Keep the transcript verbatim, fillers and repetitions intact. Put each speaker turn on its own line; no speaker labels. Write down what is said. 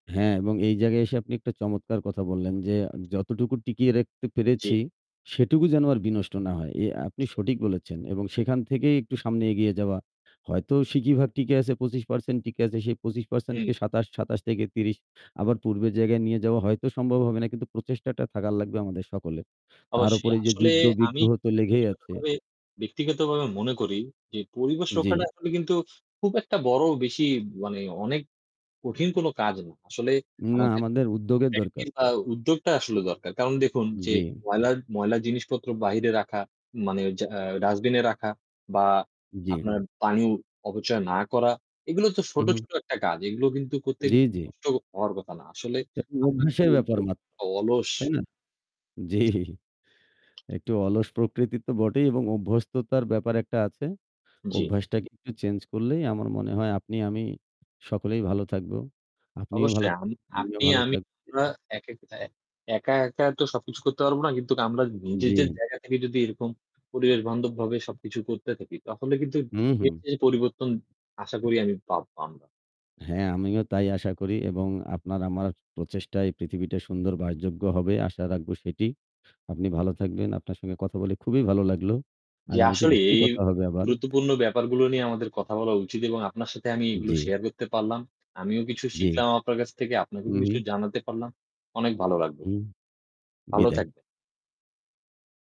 হ্যাঁ, এবং এই জায়গায় এসে আপনি একটা চমৎকার কথা বললেন। যে "যতটুকু টিকিয়ে রেখতে
জ্বী।
পেরেছি, সেটুকু যেন আর বিনষ্ট না হয়।" এ আপনি
জি।
সঠিক বলেছেন এবং সেখান থেকেই একটু সামনে এগিয়ে যাওয়া। হয়তো সিকি ভাগ টিকে আছে পঁচিশ পারসেন্ট টিকে আছে। সেই পঁচিশ পারসেন্ট
হুম।
সাতাশ, সাতাশ থেকে ত্রিশ। আবার পূর্বের জায়গায় নিয়ে যাওয়া হয়তো সম্ভব হবে না। কিন্তু প্রচেষ্টাটা থাকার লাগবে আমাদের সকলের। তার ওপর
অবশ্যই।
এইযে
আসলে আমি
যুদ্ধ-বিগ্রহ তো লেগেই আছে।
ব্যক্তিগতভাবে ব্যক্তিগতভাবে মনে করি যে পরিবেশ
জ্বি।
রক্ষাটা আসলে কিন্তু খুব একটা বড় বেশি মানে অনেক কঠিন কোনো কাজ না। আসলে
না,
আমাদের
আমাদের উদ্যোগের দরকার।
[unintelligible] বা উদ্যোগটা আসলে দরকার। কারণ দেখুন যে
জ্বি।
ময়লার ময়লা জিনিসপত্র বাহিরে রাখা মানে যা আ ডাস্টবিনে রাখা বা
জ্বী।
আপনার পানি অপচয় না করা। এগুলো তো
হু,
ছোট,
হু।
ছোট একটা কাজ, এগুলো কিন্তু করতে
জ্বি, জ্বি।
কষ্ট হওয়ার কথা না। আসলে
এ [unintelligible]
আমরা কি
অভ্যাসের ব্যাপার
[unintelligible]
মাত্র,
অ অলস
তাই না? জ্বি। একটু অলস প্রকৃতি তো বটেই এবং অভ্যস্ততার ব্যাপার একটা আছে।
জ্বি।
অভ্যাসটাকে একটু চেঞ্জ করলেই আমার মনে হয় আপনি, আমি সকলেই ভালো থাকবো। আপনিও ভালো,
অবশ্যই। আম
[unintelligible] আমিও
আপনি,
ভালো
আমি
থাক
আমরা
[unintelligible]
একেক এ একা, একা তো সবকিছু করতে পারবো না। কিন্তু আমরা নিজেজের
জ্বী।
জায়গা থেকে যদি এরকম পরিবেশবান্ধবভাবে সবকিছু করতে থাকি, তাহলে কিন্তু
হু,
এইযে
হুঁ।
যে পরিবর্তন আশা করি আমি পাবো আমরা।
হ্যাঁ, আমিও তাই আশা করি এবং আপনার আমার প্রচেষ্টায় পৃথিবীটা সুন্দর বাসযোগ্য হবে, আশা রাখবো সেটি। আপনি ভালো থাকবেন, আপনার সঙ্গে কথা বলে খুবই ভালো লাগলো।
জি,
আগামীতে
আসলে
নিশ্চয়ই
এই
কথা হবে আবার।
গুরুত্বপূর্ণ ব্যাপারগুলো নিয়ে আমাদের কথা বলা উচিত এবং আপনার সাথে আমি এগুলো
জ্বি।
শেয়ার করতে পারলাম। আমিও কিছু
জ্বী।
শিখলাম আপনার কাছ থেকে,
হু,
আপনাকেও কিছু
হু।
জানাতে পারলাম। অনেক ভালো লাগলো।
হুম,
ভালো
বিদায়।
থাকবে।